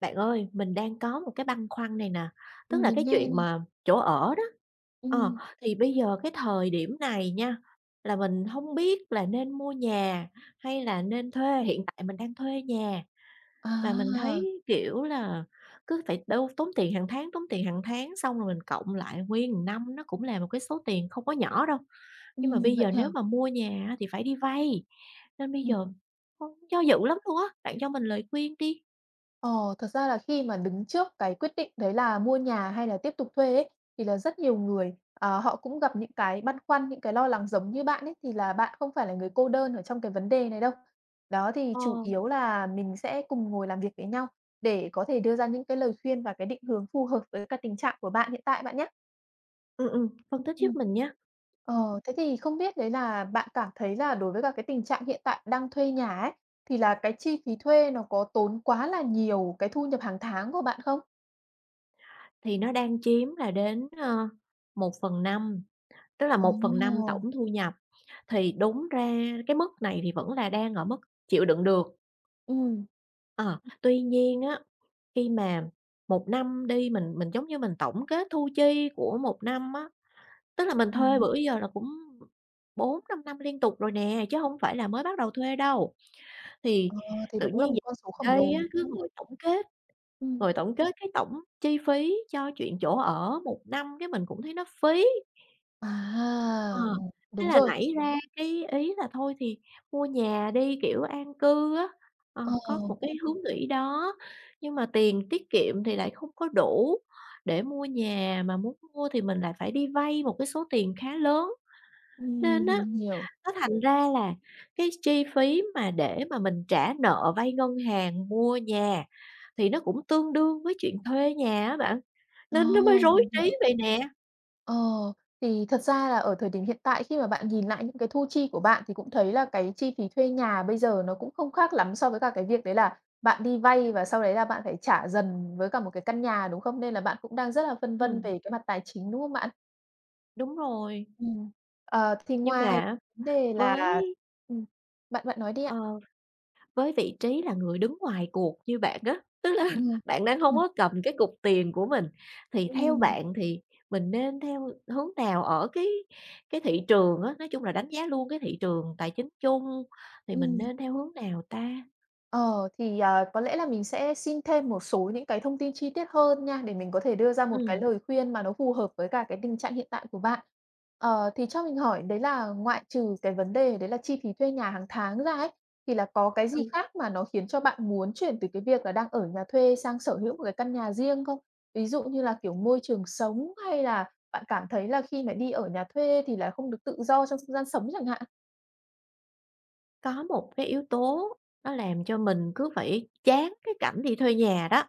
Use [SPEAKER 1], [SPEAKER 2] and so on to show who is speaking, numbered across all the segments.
[SPEAKER 1] Bạn ơi, mình đang có một cái băn khoăn này nè. Tức
[SPEAKER 2] Ừm,
[SPEAKER 1] là cái
[SPEAKER 2] mình nghe
[SPEAKER 1] chuyện
[SPEAKER 2] nè.
[SPEAKER 1] mà chỗ ở đó, ờ,
[SPEAKER 2] Ừm.
[SPEAKER 1] thì bây giờ cái thời điểm này nha, là mình hông biết là nên mua nhà hay là nên thuê, hiện tại mình đang thuê nhà. Mà mình
[SPEAKER 2] À.
[SPEAKER 1] thấy, kiểu là, cứ phải đâu tốn tiền hàng tháng, tốn tiền hàng tháng xong rồi mình cộng lại nguyên một năm nó cũng là một cái số tiền không có nhỏ đâu, nhưng mà
[SPEAKER 2] Ừm,
[SPEAKER 1] bây
[SPEAKER 2] vậy
[SPEAKER 1] giờ
[SPEAKER 2] hả?
[SPEAKER 1] nếu mà mua nhà á thì phải đi vay! Nên bây
[SPEAKER 2] Ừm.
[SPEAKER 1] giờ, ưm, do dự lắm luôn á, bạn cho mình lời khuyên đi.
[SPEAKER 2] Ờ, thật ra là khi mà đứng trước cái quyết định đấy là mua nhà hay là tiếp tục thuê ấy, thì là rất nhiều người, ờ, họ cũng gặp những cái băn khoăn, những cái lo lắng giống như bạn ấy thì là bạn không phải là người cô đơn ở trong cái vấn đề này đâu. Đó thì
[SPEAKER 1] Ờ.
[SPEAKER 2] chủ yếu là mình sẽ cùng ngồi làm việc với nhau để có thể đưa ra những cái lời khuyên và cái định hướng phù hợp với cái tình trạng của bạn hiện tại bạn nhá!
[SPEAKER 1] Ừm, ừm, phân tích
[SPEAKER 2] Ừm.
[SPEAKER 1] giúp mình nha. Ừm.
[SPEAKER 2] Ờ, thế thì không biết đấy là bạn cảm thấy là đối với cả cái tình trạng hiện tại đang thuê nhà ấy, thì là cái chi phí thuê nó có tốn quá là nhiều cái thu nhập hàng tháng của bạn không?
[SPEAKER 1] Thì nó đang chiếm là đến, ơ, 1/5, tức là 1/5
[SPEAKER 2] Ồ!
[SPEAKER 1] tổng thu nhập, thì đúng ra cái mức này thì vẫn là đang ở mức, chịu đựng được.
[SPEAKER 2] Ừm.
[SPEAKER 1] Ờ,
[SPEAKER 2] Ừm.
[SPEAKER 1] tuy nhiên á, khi mà 1 năm đi mình mình giống như mình tổng kết thu chi của 1 năm á. Tức là mình thuê
[SPEAKER 2] Ừm.
[SPEAKER 1] bữa giờ là cũng 4, 5 năm liên tục rồi nè, chứ hông phải là mới bắt đầu thuê đâu. Thì
[SPEAKER 2] Ờ, thì
[SPEAKER 1] tự
[SPEAKER 2] nó cũng là
[SPEAKER 1] nhiên
[SPEAKER 2] một
[SPEAKER 1] dạo
[SPEAKER 2] con số khổng
[SPEAKER 1] gần
[SPEAKER 2] lồ,
[SPEAKER 1] đây á,
[SPEAKER 2] đúng
[SPEAKER 1] cứ
[SPEAKER 2] hông?
[SPEAKER 1] ngồi tổng kết,
[SPEAKER 2] Ừm.
[SPEAKER 1] ngồi tổng kết cái tổng chi phí cho chuyện chỗ ở 1 năm cái mình cũng thấy nó phí. Ờ,
[SPEAKER 2] À!
[SPEAKER 1] thế
[SPEAKER 2] Đúng
[SPEAKER 1] là
[SPEAKER 2] rồi.
[SPEAKER 1] nảy ra cái ý là thôi thì, mua nhà đi, kiểu, an cư á. Ờ, có
[SPEAKER 2] Ồ.
[SPEAKER 1] một cái hướng nghĩ đó, nhưng mà tiền tiết kiệm thì lại không có đủ để mua nhà, mà muốn mua thì mình lại phải đi vay một cái số tiền khá lớn.
[SPEAKER 2] Ừm,
[SPEAKER 1] Nên á
[SPEAKER 2] mình hiểu.
[SPEAKER 1] nó thành ra là cái chi phí mà để mà mình trả nợ vay ngân hàng mua nhà thì nó cũng tương đương với chuyện thuê nhà á bạn,
[SPEAKER 2] Ờ,
[SPEAKER 1] nên nó mới rối
[SPEAKER 2] mình
[SPEAKER 1] trí
[SPEAKER 2] hiểu.
[SPEAKER 1] vậy nè.
[SPEAKER 2] Ờ, thì thật ra là ở thời điểm hiện tại khi mà bạn nhìn lại những cái thu chi của bạn thì cũng thấy là cái chi phí thuê nhà bây giờ nó cũng không khác lắm so với cả cái việc đấy là bạn đi vay và sau đấy là bạn phải trả dần với cả một cái căn nhà, đúng không? Nên là bạn cũng đang rất là phân vân
[SPEAKER 1] Ừm.
[SPEAKER 2] về cái mặt tài chính, đúng không bạn?
[SPEAKER 1] Đúng rồi.
[SPEAKER 2] Ừm, ờ, thì
[SPEAKER 1] Nhưng
[SPEAKER 2] ngoài
[SPEAKER 1] mà á,
[SPEAKER 2] v đề là
[SPEAKER 1] với
[SPEAKER 2] ừm, bạn bạn nói đi ạ.
[SPEAKER 1] Ờ, với vị trí là người đứng ngoài cuộc như bạn á, tức là
[SPEAKER 2] Ừm.
[SPEAKER 1] bạn đang hông
[SPEAKER 2] Ừm.
[SPEAKER 1] có cầm cái cục tiền của mình, thì theo
[SPEAKER 2] Ừm.
[SPEAKER 1] bạn thì mình nên theo hướng nào ở cái cái thị trường á, nói chung là đánh giá luôn cái thị trường tài chính chung, thì mình
[SPEAKER 2] Ừm.
[SPEAKER 1] nên theo hướng nào ta?
[SPEAKER 2] Ờ, thì, ờ, có lẽ là mình sẽ xin thêm một số những cái thông tin chi tiết hơn nha để mình có thể đưa ra một cái
[SPEAKER 1] Ừm.
[SPEAKER 2] lời khuyên mà nó phù hợp với cả cái tình trạng hiện tại của bạn. Ờ, thì cho mình hỏi đấy là ngoại trừ cái vấn đề đấy là chi phí thuê nhà hằng tháng ra ấy, thì là có cái gì
[SPEAKER 1] Ừ.
[SPEAKER 2] khác mà nó khiến cho bạn muốn chuyển từ cái việc là đang ở nhà thuê sang sở hữu một cái căn nhà riêng không? Ví dụ như là, kiểu, môi trường sống, hay là bạn cảm thấy là khi mà đi ở nhà thuê thì là không được tự do trong không gian sống chẳng hạn?
[SPEAKER 1] Có một cái yếu tố nó làm cho mình cứ phải chán cái cảnh đi thuê nhà đó,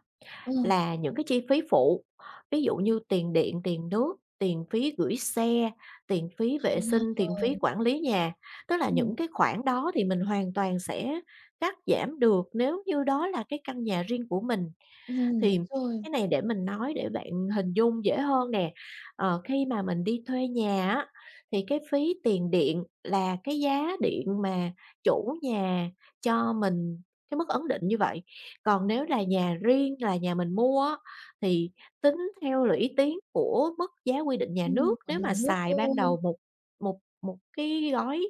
[SPEAKER 2] Ừ.
[SPEAKER 1] là những cái chi phí phụ, ví dụ như tiền điện, tiền nước, tiền phí gửi xe, tiền phí vệ sinh, tiền phí
[SPEAKER 2] Wow!
[SPEAKER 1] quản lý nhà. Tức là
[SPEAKER 2] Ừm.
[SPEAKER 1] những cái khoản đó thì mình hoàn toàn sẽ cắt giảm được nếu như đó là cái căn nhà riêng của mình.
[SPEAKER 2] Ừm,
[SPEAKER 1] Thì
[SPEAKER 2] đúng rồi.
[SPEAKER 1] cái này để mình nói để bạn hình dung dễ hơn nè. Ờ, khi mà mình đi thuê nhà á, thì cái phí tiền điện là cái giá điện mà chủ nhà cho mình cái mức ấn định như vậy. Còn nếu là nhà riêng là nhà mình mua á, thì tính theo là lũy tiến của mức giá quy định nhà
[SPEAKER 2] Ừm,
[SPEAKER 1] nước.
[SPEAKER 2] ở
[SPEAKER 1] Nếu
[SPEAKER 2] nhà
[SPEAKER 1] mà
[SPEAKER 2] nước
[SPEAKER 1] xài ban
[SPEAKER 2] thôi.
[SPEAKER 1] đầu một một một cái gói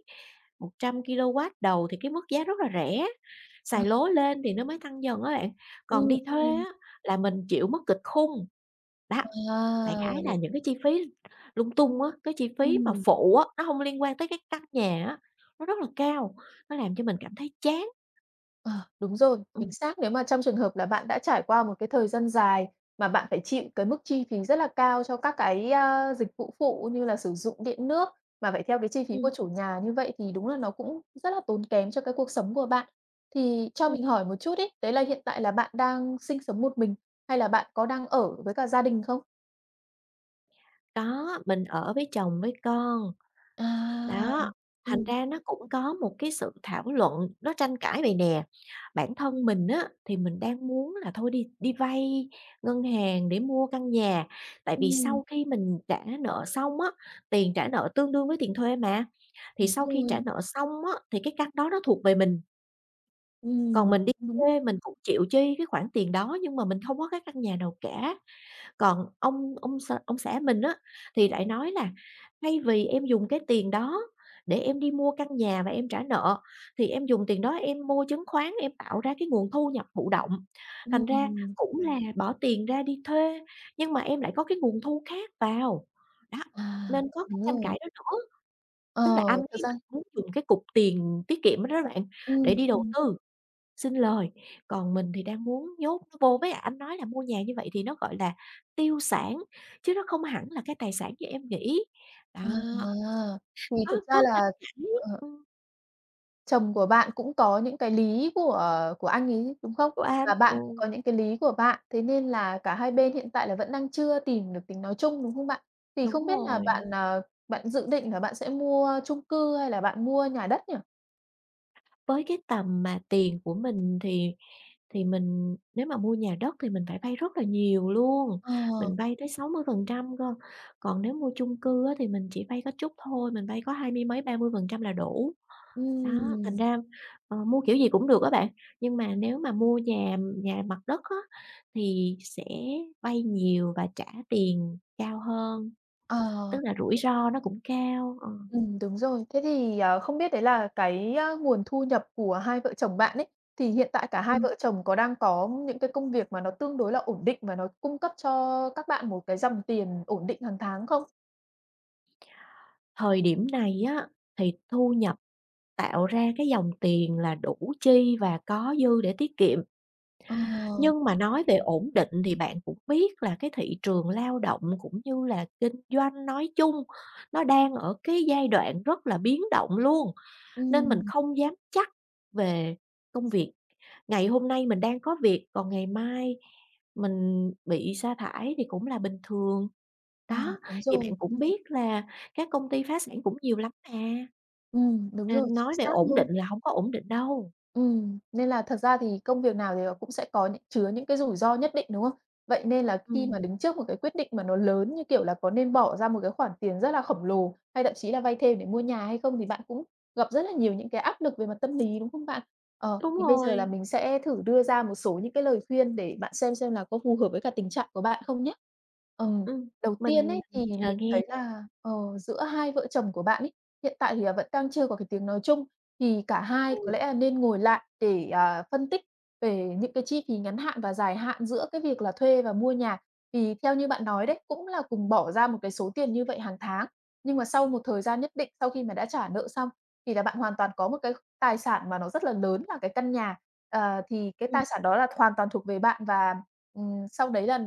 [SPEAKER 1] 100kW đầu thì cái mức giá rất là rẻ,
[SPEAKER 2] À.
[SPEAKER 1] xài lố lên thì nó mới tăng dần á các bạn,
[SPEAKER 2] Ừm,
[SPEAKER 1] còn đi thuê
[SPEAKER 2] ừm.
[SPEAKER 1] á là mình chịu mức kịch khung, đó. Đại
[SPEAKER 2] À!
[SPEAKER 1] khái
[SPEAKER 2] Đ
[SPEAKER 1] là những cái chi phí lung tung á, cái chi phí mà
[SPEAKER 2] Ừm.
[SPEAKER 1] phụ á, nó hông liên quan tới cái căn nhà á, nó rất là cao, nó làm cho mình cảm thấy chán.
[SPEAKER 2] Ờ, đúng rồi,
[SPEAKER 1] Ừm.
[SPEAKER 2] chính xác, nếu mà trong trường hợp là bạn đã trải qua một cái thời gian dài mà bạn phải chịu cái mức chi phí rất là cao cho các cái, ơ, dịch vụ phụ như là sử dụng điện nước mà phải theo cái chi phí của
[SPEAKER 1] Ừm.
[SPEAKER 2] chủ nhà như vậy thì đúng là nó cũng rất là tốn kém cho cái cuộc sống của bạn. Thì cho
[SPEAKER 1] Ừm.
[SPEAKER 2] mình hỏi một chút ấy, đấy là hiện tại là bạn đang sinh sống một mình hay là bạn có đang ở với cả gia đình không?
[SPEAKER 1] Có, mình ở với chồng với con.
[SPEAKER 2] À!
[SPEAKER 1] Đó, thành
[SPEAKER 2] Ừm.
[SPEAKER 1] ra nó cũng có một cái sự thảo luận nó tranh cãi vậy nè, bản thân mình á thì mình đang muốn là thôi đi đi vay ngân hàng để mua căn nhà, tại vì
[SPEAKER 2] Ừm.
[SPEAKER 1] sau khi mình trả nợ xong á, tiền trả nợ tương đương với tiền thuê mà, thì
[SPEAKER 2] Đúng
[SPEAKER 1] sau khi trả
[SPEAKER 2] rồi.
[SPEAKER 1] nợ xong á thì cái căn đó nó thuộc về mình. Còn
[SPEAKER 2] Ừm.
[SPEAKER 1] mình đi
[SPEAKER 2] Đúng.
[SPEAKER 1] thuê mình cũng chịu chi cái khoản tiền đó nhưng mà mình hông có cái căn nhà nào cả. Còn ông ông x ông xã mình á thì lại nói là "Thay vì em dùng cái tiền đó để em đi mua căn nhà và em trả nợ, thì em dùng tiền đó em mua chứng khoán em tạo ra cái nguồn thu nhập thụ động, thành ra
[SPEAKER 2] Ừm.
[SPEAKER 1] cũng là bỏ tiền ra đi thuê nhưng mà em lại có cái nguồn thu khác vào". Đó,
[SPEAKER 2] À,
[SPEAKER 1] nên có cái
[SPEAKER 2] đúng
[SPEAKER 1] tranh
[SPEAKER 2] rồi!
[SPEAKER 1] cãi đó nữa,
[SPEAKER 2] Ờ,
[SPEAKER 1] tức là anh
[SPEAKER 2] thực
[SPEAKER 1] ấy
[SPEAKER 2] ra
[SPEAKER 1] anh muốn dùng cái cục tiền tiết kiệm đó đó bạn, để
[SPEAKER 2] Ừm,
[SPEAKER 1] đi đầu
[SPEAKER 2] ừm.
[SPEAKER 1] tư, sinh lời, còn mình thì đang muốn nhốt nó vô, với lại anh nói là mua nhà như vậy thì nó gọi là tiêu sản, chứ nó không hẳn là cái tài sản như em nghĩ, đó.
[SPEAKER 2] À! Thì
[SPEAKER 1] Có
[SPEAKER 2] thực
[SPEAKER 1] có
[SPEAKER 2] ra
[SPEAKER 1] căng
[SPEAKER 2] là,
[SPEAKER 1] thẳng,
[SPEAKER 2] ờ
[SPEAKER 1] ừm.
[SPEAKER 2] Chồng của bạn cũng có những cái lý của của anh ấy, đúng không?
[SPEAKER 1] Của anh,
[SPEAKER 2] Và bạn cũng
[SPEAKER 1] ừ.
[SPEAKER 2] có những cái lý của bạn, thế nên là cả hai bên hiện tại là vẫn đang chưa tìm được tiếng nói chung, đúng không bạn? Thì
[SPEAKER 1] Đúng
[SPEAKER 2] không biết là
[SPEAKER 1] rồi.
[SPEAKER 2] bạn, ờ, bạn dự định là bạn sẽ mua chung cư hay là bạn mua nhà đất nhỉ?
[SPEAKER 1] Với cái tầm mà tiền của mình thì thì mình nếu mà mua nhà đất thì mình phải vay rất là nhiều luôn,
[SPEAKER 2] Ờ.
[SPEAKER 1] mình vay tới 60% cơ, còn nếu mua chung cư á thì mình chỉ vay có chút thôi, mình vay có hai mươi mấy, 30% là đủ. Đó, thành
[SPEAKER 2] Ừm.
[SPEAKER 1] ra, ờ, mua kiểu gì cũng được á bạn, nhưng mà nếu mà mua nhà nhà mặt đất á thì sẽ vay nhiều và trả tiền cao hơn,
[SPEAKER 2] Ờ.
[SPEAKER 1] tức là rủi ro nó cũng cao, ờ.
[SPEAKER 2] Ừm, đúng rồi. Thế thì, ờ, không biết đấy là cái nguồn thu nhập của hai vợ chồng bạn ấy, thì hiện tại cả hai
[SPEAKER 1] Ừm.
[SPEAKER 2] vợ chồng có đang có những cái công việc mà nó tương đối là ổn định và nó cung cấp cho các bạn một cái dòng tiền ổn định hàng tháng không?
[SPEAKER 1] Thời điểm này á thì thu nhập tạo ra cái dòng tiền là đủ chi và có dư để tiết kiệm.
[SPEAKER 2] Ờ.
[SPEAKER 1] Nhưng mà nói về ổn định thì bạn cũng biết là cái thị trường lao động cũng như là kinh doanh nói chung, nó đang ở cái giai đoạn rất là biến động luôn, nên mình
[SPEAKER 2] Ừm.
[SPEAKER 1] không dám chắc về công việc. Ngày hôm nay mình đang có việc, còn ngày mai mình bị sa thải thì cũng là bình thường.
[SPEAKER 2] Ờ,
[SPEAKER 1] Đó,
[SPEAKER 2] đúng
[SPEAKER 1] thì
[SPEAKER 2] rồi.
[SPEAKER 1] bạn cũng
[SPEAKER 2] Ừm.
[SPEAKER 1] biết là các công ty phá sản cũng nhiều lắm mà!
[SPEAKER 2] Ừm, đúng rồi,
[SPEAKER 1] Nên
[SPEAKER 2] chính
[SPEAKER 1] nói về
[SPEAKER 2] xác
[SPEAKER 1] ổn
[SPEAKER 2] luôn.
[SPEAKER 1] định là hổng có ổn định đâu!
[SPEAKER 2] Ừm, nên là thật ra thì công việc nào thì nó cũng sẽ có nh chứa những cái rủi ro nhất định, đúng không? Vậy nên là khi mà
[SPEAKER 1] Ừm.
[SPEAKER 2] đứng trước một cái quyết định mà nó lớn như, kiểu là, có nên bỏ ra một cái khoản tiền rất là khổng lồ, hay thậm chí là vay thêm để mua nhà hay không thì bạn cũng gặp rất là nhiều những cái áp lực về mặt tâm lý, đúng không bạn? Ờ,
[SPEAKER 1] Đúng
[SPEAKER 2] thì bây giờ là
[SPEAKER 1] rồi.
[SPEAKER 2] mình sẽ thử đưa ra một số những cái lời khuyên để bạn xem xem là có phù hợp với cả tình trạng của bạn không nhá. Ừm,
[SPEAKER 1] Ừm,
[SPEAKER 2] đầu tiên
[SPEAKER 1] mình
[SPEAKER 2] ấy thì
[SPEAKER 1] chờ
[SPEAKER 2] mình
[SPEAKER 1] nghe
[SPEAKER 2] thấy
[SPEAKER 1] nè.
[SPEAKER 2] là, ờ, giữa hai vợ chồng của bạn ấy, hiện tại thì là vẫn đang chưa có cái tiếng nói chung, thì cả hai
[SPEAKER 1] Ừ.
[SPEAKER 2] có lẽ nên ngồi lại để, à, phân tích về những cái chi phí ngắn hạn và dài hạn giữa cái việc là thuê và mua nhà. Thì theo như bạn nói
[SPEAKER 1] Ừm.
[SPEAKER 2] đấy, cũng là cùng bỏ ra một cái số tiền như vậy hàng tháng, nhưng mà sau một thời gian nhất định sau khi mà đã trả nợ xong thì là bạn hoàn toàn có một cái tài sản mà nó rất là lớn là cái căn nhà. Ờ, thì cái
[SPEAKER 1] Ừm.
[SPEAKER 2] tài sản đó là hoàn toàn thuộc về bạn và, ừm, sau đấy là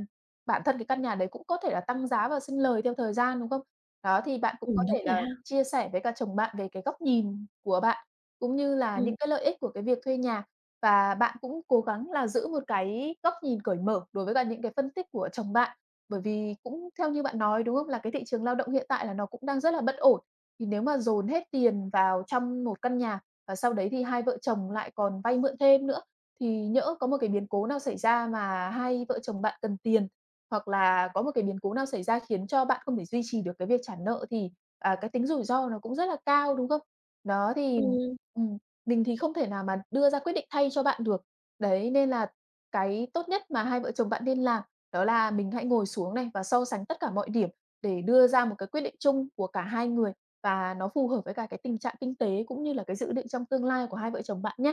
[SPEAKER 2] bản thân cái căn nhà đấy cũng có thể là tăng giá và sinh lời theo thời gian, đúng không? Đó, thì bạn cũng có
[SPEAKER 1] Ừm, đúng
[SPEAKER 2] thể
[SPEAKER 1] rồi
[SPEAKER 2] là
[SPEAKER 1] ha.
[SPEAKER 2] chia sẻ với cả chồng bạn về cái góc nhìn của bạn, cũng như là
[SPEAKER 1] Ừm.
[SPEAKER 2] những cái lợi ích của cái việc thuê nhà. Và bạn cũng cố gắng là giữ 1 cái góc nhìn cởi mở đối với cả những cái phân tích của chồng bạn. Bởi vì cũng theo như bạn nói, đúng không? Là cái thị trường lao động hiện tại là nó cũng đang rất là bất ổn. Thì nếu mà dồn hết tiền vào trong một căn nhà và sau đấy thì hai vợ chồng lại còn vay mượn thêm nữa thì nhỡ có một cái biến cố nào xảy ra mà hai vợ chồng bạn cần tiền, hoặc là có một cái biến cố nào xảy ra khiến cho bạn không thể duy trì được cái việc trả nợ, thì, à, cái tính rủi ro nó cũng rất là cao, đúng không? Đó, thì,
[SPEAKER 1] Ừm.
[SPEAKER 2] ừm, mình thì không thể nào mà đưa ra quyết định thay cho bạn được. Đấy, nên là cái tốt nhất mà hai vợ chồng bạn nên làm đó là mình hãy ngồi xuống này và so sánh tất cả mọi điểm để đưa ra một cái quyết định chung của cả hai người và nó phù hợp với cả cái tình trạng kinh tế, cũng như là cái dự định trong tương lai của hai vợ chồng bạn nhá!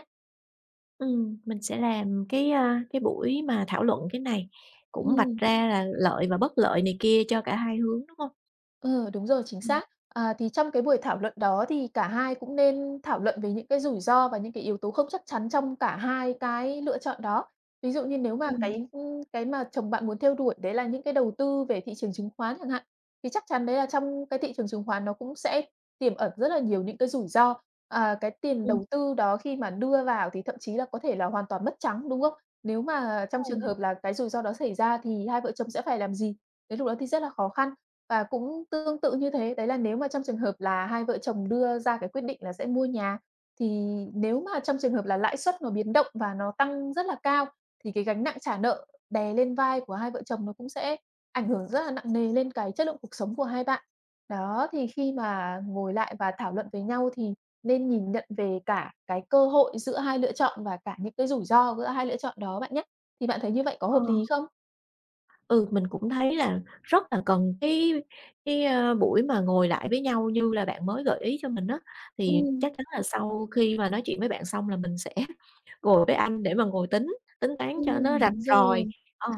[SPEAKER 1] Ừm, mình sẽ làm cái, a, cái buổi mà thảo luận cái này, cũng vạch
[SPEAKER 2] Ừm.
[SPEAKER 1] ra là lợi và bất lợi này kia cho cả hai hướng, đúng hông?
[SPEAKER 2] Ờ, đúng rồi, chính
[SPEAKER 1] Ừm.
[SPEAKER 2] xác. À, thì trong cái buổi thảo luận đó thì cả hai cũng nên thảo luận về những cái rủi ro và những cái yếu tố không chắc chắn trong cả hai cái lựa chọn đó. Ví dụ như nếu mà
[SPEAKER 1] Ừm.
[SPEAKER 2] cái, ưm, cái mà chồng bạn muốn theo đuổi đấy là những cái đầu tư về thị trường chứng khoán chẳng hạn, thì chắc chắn đấy là trong cái thị trường chứng khoán nó cũng sẽ tiềm ẩn rất là nhiều những cái rủi ro. À, cái tiền
[SPEAKER 1] Ừm.
[SPEAKER 2] đầu tư đó khi mà đưa vào thì thậm chí là có thể là hoàn toàn mất trắng, đúng không? Nếu mà
[SPEAKER 1] Đúng
[SPEAKER 2] trong trường
[SPEAKER 1] rồi.
[SPEAKER 2] hợp là cái rủi ro đó xảy ra thì hai vợ chồng sẽ phải làm gì? Đến lúc đó thì rất là khó khăn và cũng tương tự như thế. Đấy là nếu mà trong trường hợp là hai vợ chồng đưa ra cái quyết định là sẽ mua nhà, thì nếu mà trong trường hợp là lãi suất nó biến động và nó tăng rất là cao thì cái gánh nặng trả nợ đè lên vai của hai vợ chồng nó cũng sẽ ảnh hưởng rất là nặng nề lên cái chất lượng cuộc sống của hai bạn. Đó, thì khi mà ngồi lại và thảo luận với nhau thì nên nhìn nhận về cả cái cơ hội giữa hai lựa chọn và cả những cái rủi ro giữa hai lựa chọn đó bạn nhá, thì bạn thấy như vậy có
[SPEAKER 1] Ờ.
[SPEAKER 2] hợp lý không?
[SPEAKER 1] Ừ, mình cũng thấy là rất là cần cái cái, ơ, buổi mà ngồi lại với nhau như là bạn mới gợi ý cho mình á thì
[SPEAKER 2] Ừm.
[SPEAKER 1] chắc chắn là sau khi mà nói chuyện với bạn xong là mình sẽ ngồi với anh để mà ngồi tính, tính toán
[SPEAKER 2] Ưm,
[SPEAKER 1] cho nó rạch
[SPEAKER 2] đúng rồi.
[SPEAKER 1] ròi, ờ.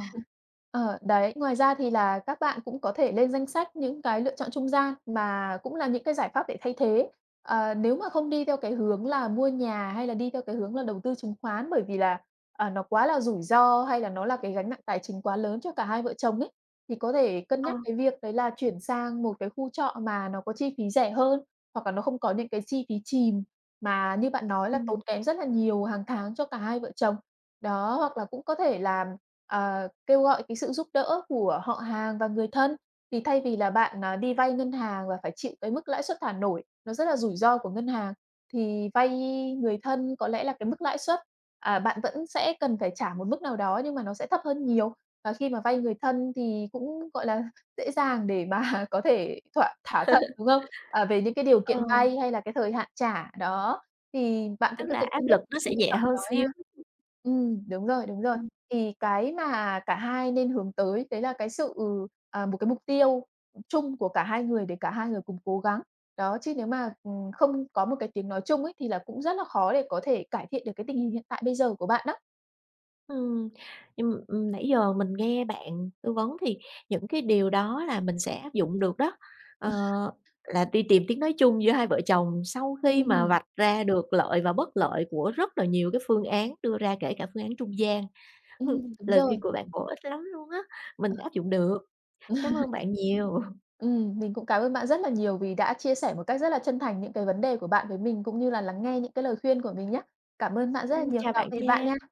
[SPEAKER 2] Ờ, đấy, ngoài ra thì là các bạn cũng có thể lên danh sách những cái lựa chọn trung gian mà cũng là những cái giải pháp để thay thế. Ờ, nếu mà không đi theo cái hướng là mua nhà hay là đi theo cái hướng là đầu tư chứng khoán bởi vì là, à, nó quá là rủi ro hay là nó là cái gánh nặng tài chính quá lớn cho cả hai vợ chồng ấy, thì có thể cân
[SPEAKER 1] Ờ.
[SPEAKER 2] nhắc cái việc đấy là chuyển sang một cái khu trọ mà nó có chi phí rẻ hơn, hoặc là nó không có những cái chi phí chìm mà như bạn nói là tốn
[SPEAKER 1] Ừm.
[SPEAKER 2] kém rất là nhiều hằng tháng cho cả hai vợ chồng. Đó, hoặc là cũng có thể có thể là, ờ, kêu gọi cái sự giúp đỡ của họ hàng và người thân, thì thay vì là bạn, ờ, đi vay ngân hàng và phải chịu cái mức lãi suất thả nổi, nó rất là rủi ro của ngân hàng thì vay người thân có lẽ là cái mức lãi suất à, bạn vẫn sẽ cần phải trả một mức nào đó nhưng mà nó sẽ thấp hơn nhiều. Và khi mà vay người thân thì cũng, gọi là, dễ dàng để mà có thể thỏa thả thuận, đúng không? À, về những cái điều
[SPEAKER 1] Ờ.
[SPEAKER 2] kiện vay hay là cái thời hạn trả, đó, thì bạn cũng
[SPEAKER 1] Tức
[SPEAKER 2] có
[SPEAKER 1] là
[SPEAKER 2] thể
[SPEAKER 1] áp
[SPEAKER 2] cân nhắc
[SPEAKER 1] lực nó
[SPEAKER 2] những cái
[SPEAKER 1] sẽ
[SPEAKER 2] lựa
[SPEAKER 1] nhẹ
[SPEAKER 2] chọn
[SPEAKER 1] hơn
[SPEAKER 2] đó
[SPEAKER 1] xíu.
[SPEAKER 2] nha. Ừm, đúng rồi, đúng rồi,
[SPEAKER 1] Ừm.
[SPEAKER 2] thì cái mà cả hai nên hướng tới đấy là cái sự à, một cái mục tiêu, ừm, chung của cả hai người để cả hai người cùng cố gắng. Đó, chứ nếu mà, ừm, không có một cái tiếng nói chung ấy, thì là cũng rất là khó để có thể cải thiện được cái tình hình hiện tại bây giờ của bạn đó.
[SPEAKER 1] Ừm, nh ừm, nãy giờ mình nghe bạn tư vấn thì những cái điều đó là mình sẽ áp dụng được đó, ờ, là đi tìm tiếng nói chung giữa hai vợ chồng sau khi mà
[SPEAKER 2] Ừm.
[SPEAKER 1] vạch ra được lợi và bất lợi của rất là nhiều cái phương án đưa ra kể cả phương án trung gian.
[SPEAKER 2] Ừm, đúng
[SPEAKER 1] Lời khuyên
[SPEAKER 2] rồi.
[SPEAKER 1] của bạn bổ ích lắm luôn á, mình áp dụng được. Cám ơn bạn nhiều.
[SPEAKER 2] Ừm, mình cũng cảm ơn bạn rất là nhiều vì đã chia sẻ một cách rất là chân thành những cái vấn đề của bạn với mình cũng như là lắng nghe những cái lời khuyên của mình nhá. Cảm ơn bạn rất là
[SPEAKER 1] Ừm,
[SPEAKER 2] nhiều,
[SPEAKER 1] chào
[SPEAKER 2] tạm
[SPEAKER 1] bạn
[SPEAKER 2] biệt bạn
[SPEAKER 1] nha.
[SPEAKER 2] nha.